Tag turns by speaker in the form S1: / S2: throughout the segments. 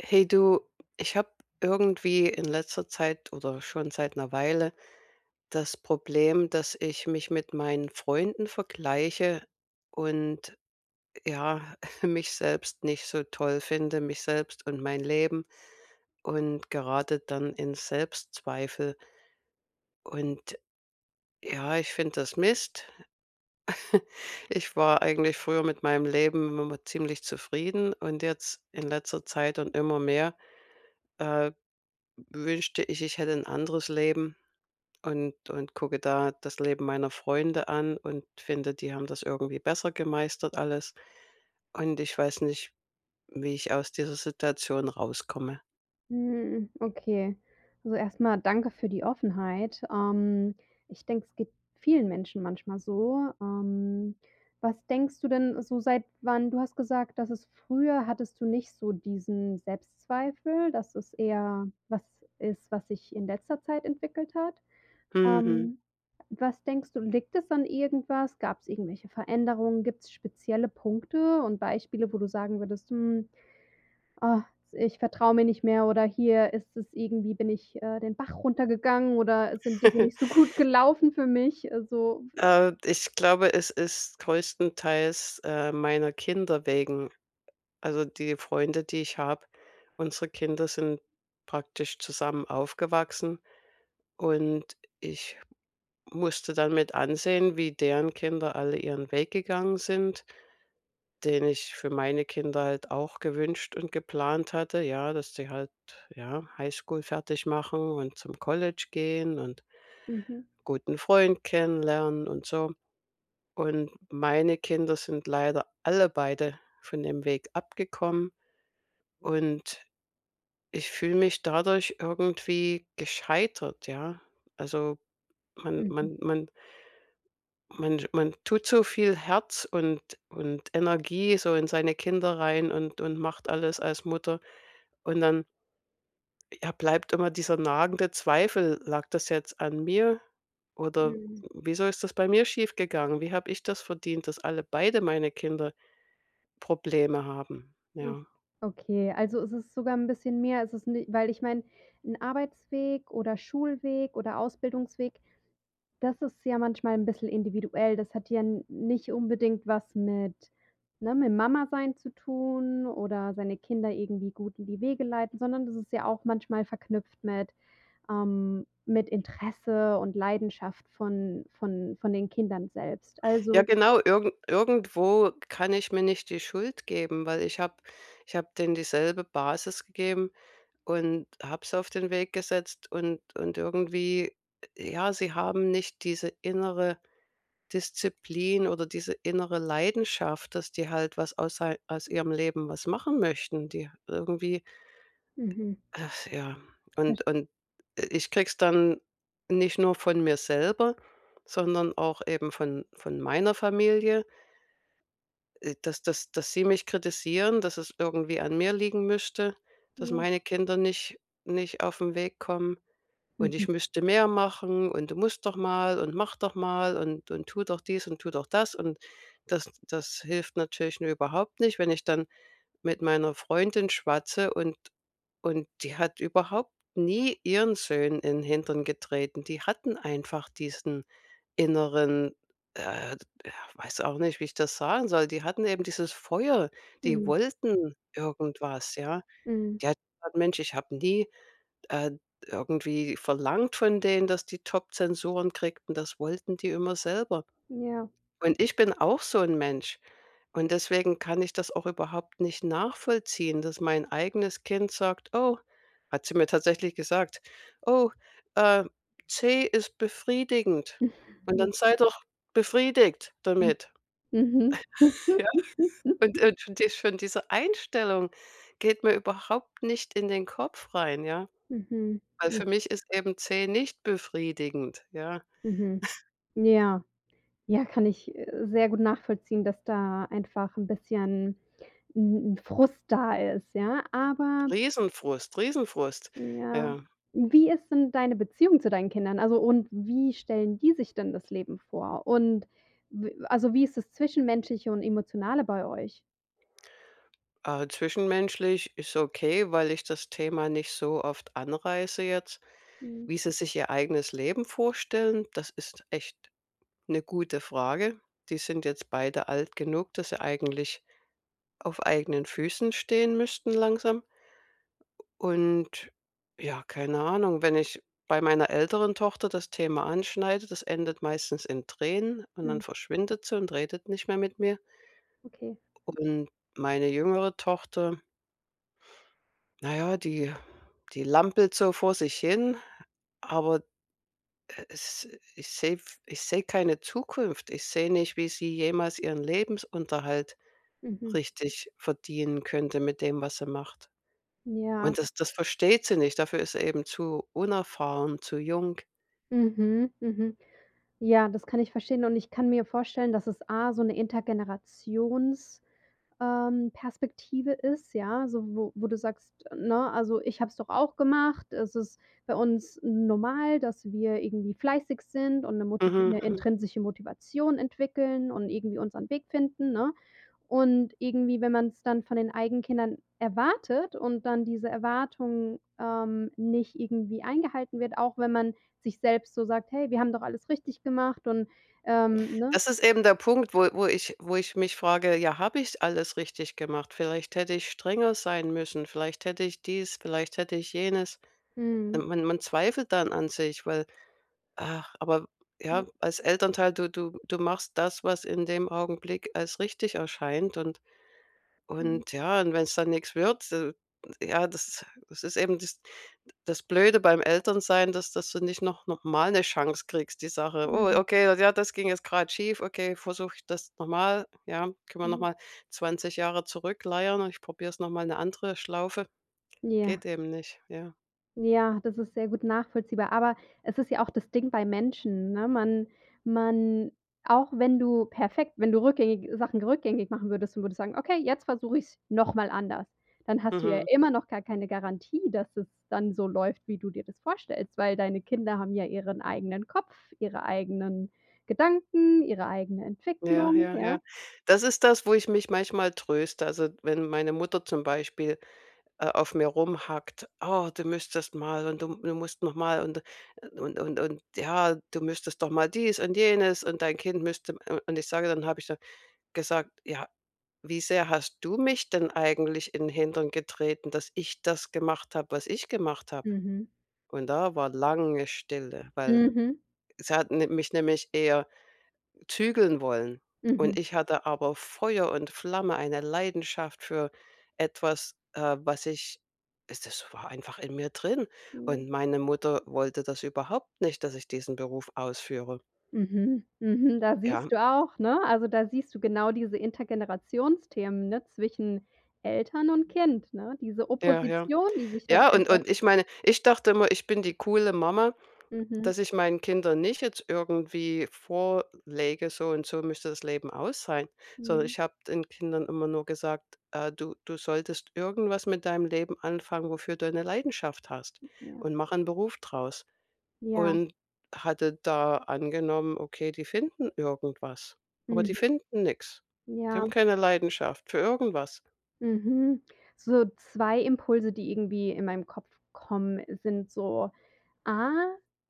S1: Hey du, ich habe irgendwie in letzter Zeit oder schon seit 'ner Weile das Problem, dass ich mich mit meinen Freunden vergleiche und, ja, mich selbst nicht so toll finde mich selbst und mein Leben, und grade dann in Selbstzweifel Und ja, ich finde das Mist. Ich war eigentlich früher mit meinem Leben immer ziemlich zufrieden und jetzt in letzter Zeit und immer mehr, äh, wünschte ich, ich hätte 'n anderes Leben und und gucke da das Leben meiner Freunde an und finde, die haben das irgendwie besser gemeistert alles, und ich weiß nicht, wie ich aus dieser Situation rauskomme.
S2: Hm, okay. Also, erst mal danke für die Offenheit, ähm, ich denke, es geht vielen Menschen manchmal so. Ähm, was denkst du denn, so seit wann du hast gesagt, dass es früher hattest du nicht so diesen Selbstzweifel, dass es eher was ist, was sich in letzter Zeit entwickelt hat?
S1: Mhm.
S2: Ähm, was denkst du, liegt das an irgendwas? Gab's irgendwelche Veränderungen? Gibt's spezielle Punkte und Beispiele, wo du sagen würdest: „Hm, ah, ich vertraue mir nicht mehr oder hier ist es irgendwie bin ich, äh, den Bach runtergegangen oder es sind Dinge nicht so gut gelaufen für mich.” Also [unintelligible]
S1: Äh, ich glaube, es ist größtenteils, äh, meiner Kinder wegen. Also, die Freunde, die ich habe unsere Kinder sind praktisch zusammen aufgewachsen und ich musste dann mit ansehen, wie deren Kinder alle ihren Weg gegangen sind, den ich für meine Kinder halt auch gewünscht und geplant hatte ja, dass sie halt, ja, Highschool fertig machen und zum College gehen und
S2: Mhm.
S1: guten Freund kennenlernen und so. Und meine Kinder sind leider alle beide von dem Weg abgekommen und ich fühle mich dadurch irgendwie gescheitert, ja? Also, man
S2: Mhm.
S1: man man man man tut so viel Herz und und Energie so in seine Kinder rein und und macht alles als Mutter und dann ja, bleibt immer dieser nagende Zweifel: „Lag das jetzt an mir oder w
S2: Mhm.
S1: wieso ist das bei mir schiefgegangen? Wie habe ich das verdient, dass alle beide meine Kinder Probleme haben?”
S2: O
S1: Ja.
S2: okay, also, es ist sogar 'n bisschen mehr. Es ist ni weil ich meine, 'n Arbeitsweg oder Schulweg oder Ausbildungsweg, das ist ja manchmal 'n bisschen individuell, das hat ja n nicht unbedingt was mit ne, mit Mama sein zu tun oder seine Kinder irgendwie gut in die Wege leiten, sondern das ist ja auch manchmal verknüpft mit ähm, mit Interesse und Leidenschaft von von von den Kindern selbst.
S1: Ja
S2: Also
S1: genau, irgend irgendwo kann ich mir nicht die Schuld geben, weil ich habe ich habe denen dieselbe Basis gegeben und habe sie auf den Weg gesetzt und und irgendwie, j ja, sie haben nicht diese innere Disziplin oder diese innere Leidenschaft, dass die halt was aus ei aus ihrem Leben was machen möchten. Die irgendwie
S2: Mhm.
S1: ach ja.
S2: Verst
S1: Und und i ich kriege es dann nicht nur von mir selber, sondern auch eben von von meiner Familie äh, dass dass dass sie mich kritisieren, dass es irgendwie an mir liegen müsste, dass
S2: Ja.
S1: meine Kinder nicht nicht auf 'n Weg kommen und ich
S2: Mhm.
S1: müsste mehr machen und: „Du musst doch mal und mach doch mal und und tu doch dies und tu doch das.” Und das das hilft natürlich mir überhaupt nicht, wenn ich dann mit meiner Freundin schwatze und und die hat überhaupt nie ihren Söhnen in 'n Hintern getreten, die hatten einfach diesen inneren, äh, d ja, weiß auch nicht, wie ich das sagen soll, die hatten eben dieses Feuer, die
S2: Mhm.
S1: wollten irgendwas, ja?
S2: Mhm.
S1: Die hat gesagt: „Mensch, ich habe nie, äh, irgendwie verlangt von denen, dass die Top-Zensuren kriegten. Das wollten die immer selber.”
S2: Ja.
S1: Und ich bin auch so 'n Mensch und deswegen kann ich das auch überhaupt nicht nachvollziehen, dass mein eigenes Kind sagt: „Oh” hat sie mir tatsächlich gesagt: „Oh, äh, C ist befriedigend und dann
S2: Hm.
S1: sei doch befriedigt
S2: Hm,
S1: damit.”
S2: mhm.
S1: Ja, und und schon die schon diese Einstellung geht mir überhaupt nicht in den Kopf rein, ja,
S2: Mhm.
S1: weil
S2: Hm.
S1: für mich ist eben C nicht befriedigend, ja?
S2: Mhm. Ja. Ja, kann ich, äh, sehr gut nachvollziehen, dass da einfach 'n bisschen 'n 'n Frust da ist, ja, aber
S1: Riesen Frust, riesen Frust,
S2: ja.
S1: ja.
S2: Wie ist denn deine Beziehung zu deinen Kindern, also, und wie stellen die sich denn das Leben vor? Und w also, wie ist das Zwischenmenschliche und Emotionale bei euch?
S1: Äh, zwischenmenschlich ist okay, weil ich das Thema nicht so oft anreiße jetzt.
S2: Mhm.
S1: Wie sie sich ihr eigenes Leben vorstellen, das ist echt 'ne gute Frage. Die sind jetzt beide alt genug, dass sie eigentlich auf eigenen Füßen stehen müssten langsam. U und ja, keine Ahnung. Wenn ich bei meiner älteren Tochter das Thema anschneide, das endet meistens in Tränen und dann
S2: Mhm.
S1: verschwindet sie und redet nicht mehr mit mir.
S2: Okay.
S1: Und meine jüngere Tochter na ja, die die lampelt so vor sich hin, aber, äh, es ich sehe f ich sehe keine Zukunft. Ich sehe nicht, wie sie jemals ihren Lebensunterhalt
S2: Mhm.
S1: richtig verdienen könnte mit dem, was sie macht
S2: Ja.
S1: und das das versteht sie nicht. Dafür ist sie eben zu unerfahren, zu jung.
S2: Mhm, mhm. Ja, das kann ich verstehen und ich kann mir vorstellen, dass es A: so 'ne Intergenerations ähm, Perspektive ist, ja. So wo wo du sagst, ne: „Also, ich habe es doch auch gemacht. Es ist bei uns normal, dass wir irgendwie fleißig sind und 'ne moti
S1: Mhm,
S2: 'ne
S1: mhm.
S2: intrinsische Motivation entwickeln und irgendwie unseren Weg finden, ne?“ Und irgendwie, wenn man's dann von den eigenen Kindern erwartet und dann diese Erwartung, ähm, nicht irgendwie eingehalten wird, auch wenn man sich selbst so sagt: „Hey, wir haben doch alles richtig gemacht, und“, ähm ne?
S1: Das ist eben der Punkt, wo wo ich wo ich mich frage, ja, habe ich alles richtig gemacht? Vielleicht hätte ich strenger sein müssen, vielleicht hätte ich dies, vielleicht hätte ich jenes. Äh,
S2: Mhm.
S1: man man zweifelt dann an sich, weil ach, aber,
S2: [unintelligible]
S1: ja, als Elternteil, du du du machst das, was in dem Augenblick als richtig erscheint und
S2: Mhm.
S1: und ja, und wenn's dann nix wird [unintelligible] ja, das das ist eben das das Blöde beim Eltern-sein, dass dass du nicht noch noch mal 'ne Chance kriegst, die Sache „Oh,
S2: Mhm.
S1: okay, ja, das ging jetzt grad schief. Okay, versuche ich das noch mal. Ja, können wir noch
S2: Mhm.
S1: mal 20 Jahre zurückleiern und ich probier's noch mal 'ne andere Schlaufe.“
S2: Ja.
S1: Geht eben nicht, ja.
S2: Ja, das ist sehr gut nachvollziehbar, aber es ist ja auch das Ding bei Menschen, ne? Man man auch wenn du perfekt wenn du rückgängig Sachen rückgängig machen würdest und würdest sagen: „Okay, jetzt versuche ich's noch mal anders“, dann hast du ja
S1: Mhm.
S2: immer noch gar keine Garantie, dass es dann so läuft, wie du dir das vorstellst, weil deine Kinder haben ja ihren eigenen Kopf, ihre eigenen Gedanken, ihre eigene
S1: Ja,
S2: Entwicklung,
S1: ja,
S2: ja?
S1: ja. Das ist das, wo ich mich manchmal tröste. Also, wenn meine Mutter zum Beispiel, äh, auf mir rumhackt: „Oh, du müsstest mal und du du musst noch mal und und und und ja, du müsstest doch mal dies und jenes und dein Kind müsste“, u und ich sage dann habe ich dann gesagt: „Ja, wie sehr hast du mich denn eigentlich in 'n Hintern getreten, dass ich das gemacht habe, was ich gemacht habe?“
S2: Mhm.
S1: Und da war lange Stille, weil
S2: Mhm.
S1: sie hat ni mich nämlich eher zügeln wollen und
S2: Mhm.
S1: ich hatte aber Feuer und Flamme, eine Leidenschaft für etwas, äh, was ich es das war einfach in mir drin
S2: Mhm.
S1: und meine Mutter wollte das überhaupt nicht, dass ich diesen Beruf ausführe.
S2: Mhm, mhm. Da
S1: Ja.
S2: siehst du auch, ne? Also, da siehst du genau diese Intergenerationsthemen, ne, zwischen Eltern und Kind, ne? Diese
S1: Ja, ja.
S2: Opposition, die sich dann
S1: Ja, und
S2: einfach
S1: und ich meine, ich dachte immer, ich bin die coole Mama,
S2: Mhm.
S1: dass ich meinen Kindern nicht jetzt irgendwie vorlege: „So und so müsste das Leben aussehen“, sondern
S2: Mhm.
S1: ich habe den Kindern immer nur gesagt: „Äh, du du solltest irgendwas mit deinem Leben anfangen, wofür du eine Leidenschaft hast
S2: Ja.
S1: und mach 'n Beruf draus.“
S2: Ja.
S1: Und hatte da angenommen: „Okay, die finden irgendwas“, aber die
S2: Mhm.
S1: finden nix. Die
S2: Ja.
S1: haben keine Leidenschaft für irgendwas.
S2: Mhm. So 2 Impulse, die irgendwie in meinen Kopf kommen, sind so: A: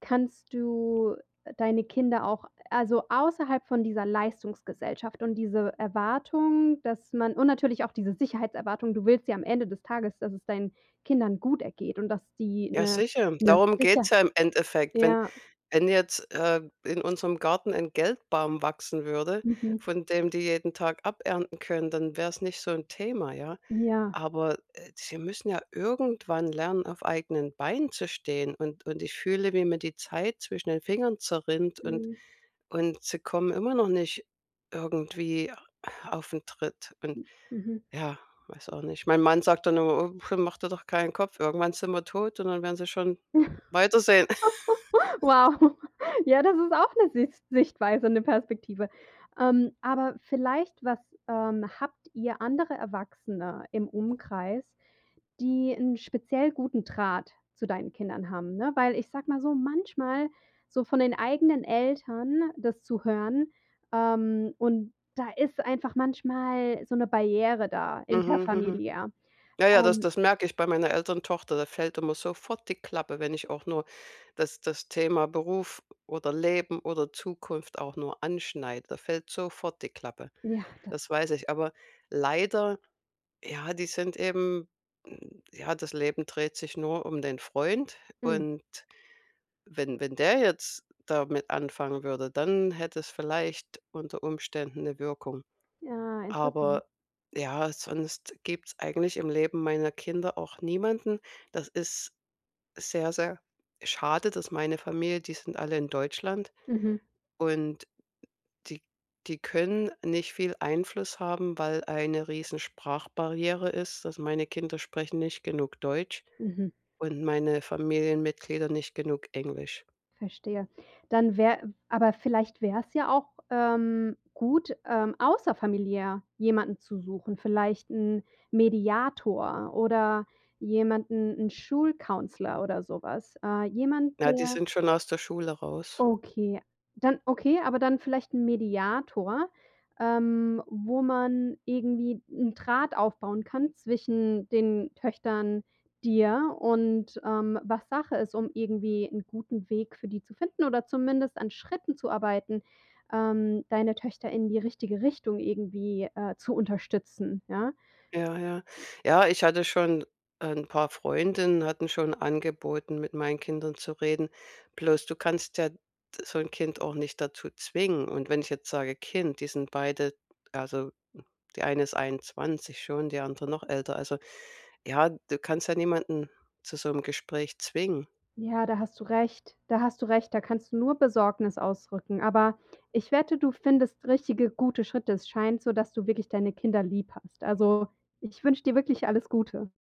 S2: kannst du deine Kinder auch, also, außerhalb von dieser Leistungsgesellschaft und diese Erwartung, dass man und natürlich auch diese Sicherheitserwartung, du willst ja am Ende des Tages, dass es deinen Kindern gut ergeht und dass die
S1: Ja
S2: 'ne
S1: sicher,
S2: 'ne
S1: darum geht's
S2: Sicher
S1: ja im Endeffekt. Wenn
S2: ja.
S1: wenn jetzt, äh, in unserem Garten ein Geldbaum wachsen würde,
S2: Mhm.
S1: von dem die jeden Tag abernten können, dann wär's nicht so 'n Thema, ja?
S2: Ja.
S1: Aber, äh, sie müssen ja irgendwann lernen, auf eigenen Beinen zu stehen und und ich fühle, wie mir die Zeit zwischen den Fingern zerrinnt und
S2: Mhm.
S1: und sie kommen immer noch nicht irgendwie auf 'n Tritt. Und
S2: M Mhm.
S1: ja, weiß auch nicht. Mein Mann sagt da nur: „Äh, puh, mach dir doch keinen Kopf. Irgendwann sind wir tot und dann werden sie schon weitersehen.“
S2: Wow. Ja, das ist auch 'ne Sis Sichtweise, 'ne Perspektive. Ähm, aber vielleicht, was ähm, habt ihr andere Erwachsene im Umkreis, die 'n speziell guten Draht zu deinen Kindern haben, ne? Weil ich sage mal so, manchmal so von den eigenen Eltern das zu hören ähm, und da ist einfach manchmal so 'ne Barriere da,
S1: Mhm, mhm.
S2: interfamiliär.
S1: Ja, ja, das
S2: Ähm
S1: das merke ich bei meiner älteren Tochter. Da fällt immer sofort die Klappe, wenn ich auch nur das das Thema Beruf oder Leben oder Zukunft auch nur anschneide. Da fällt sofort die Klappe.
S2: Ja, das
S1: Das weiß ich, aber leider ja, die sind eben m ja, das Leben dreht sich nur um den Freund
S2: Hm.
S1: und wenn wenn der jetzt damit anfangen würde, dann hätte es vielleicht unter Umständen 'ne Wirkung.
S2: Ja, interessant.
S1: Aber, ja, sonst gibt's eigentlich im Leben meiner Kinder auch niemanden. Das ist sehr, sehr schade, dass meine Familie, die sind alle in Deutschland
S2: Mhm.
S1: und die die können nicht viel Einfluss haben, weil eine riesen Sprachbarriere ist, dass meine Kinder sprechen nicht genug Deutsch
S2: Mhm.
S1: und meine Familienmitglieder nicht genug Englisch.
S2: Verstehe. Dann wär aber vielleicht wäre es ja auch, ähm, gut, ähm, außerfamiliär jemanden zu suchen, vielleicht 'n Mediator oder jemanden 'n Schul-Counselor oder so was. Äh, jemand,
S1: Ja, die
S2: der
S1: sind schon aus der Schule raus.
S2: Okay. Dann okay, aber dann vielleicht 'n Mediator, ähm, wo man irgendwie 'n Draht aufbauen kann zwischen den Töchtern, dir und, ähm, was Sache ist, um irgendwie 'n guten Weg für die zu finden oder zumindest an Schritten zu arbeiten, ähm, deine Töchter in die richtige Richtung irgendwie, äh, zu unterstützen, ja?
S1: Ja, ja. Ja, ich hatte schon 'n paar Freundinnen, hatten schon angeboten, mit meinen Kindern zu reden. Bloß du kannst ja so 'n Kind auch nicht dazu zwingen. Und wenn ich jetzt sage: „Kind, die sind beide“ also, die eine ist 21 schon, die andere noch älter. Also, ja, du kannst ja niemanden zu so'm Gespräch zwingen.
S2: Ja, da hast du recht. Da hast du recht, da kannst du nur Besorgnis ausdrücken, aber ich wette, du findest richtige, gute Schritte. Es scheint so, dass du wirklich deine Kinder lieb hast. Also, ich wünsche dir wirklich alles Gute.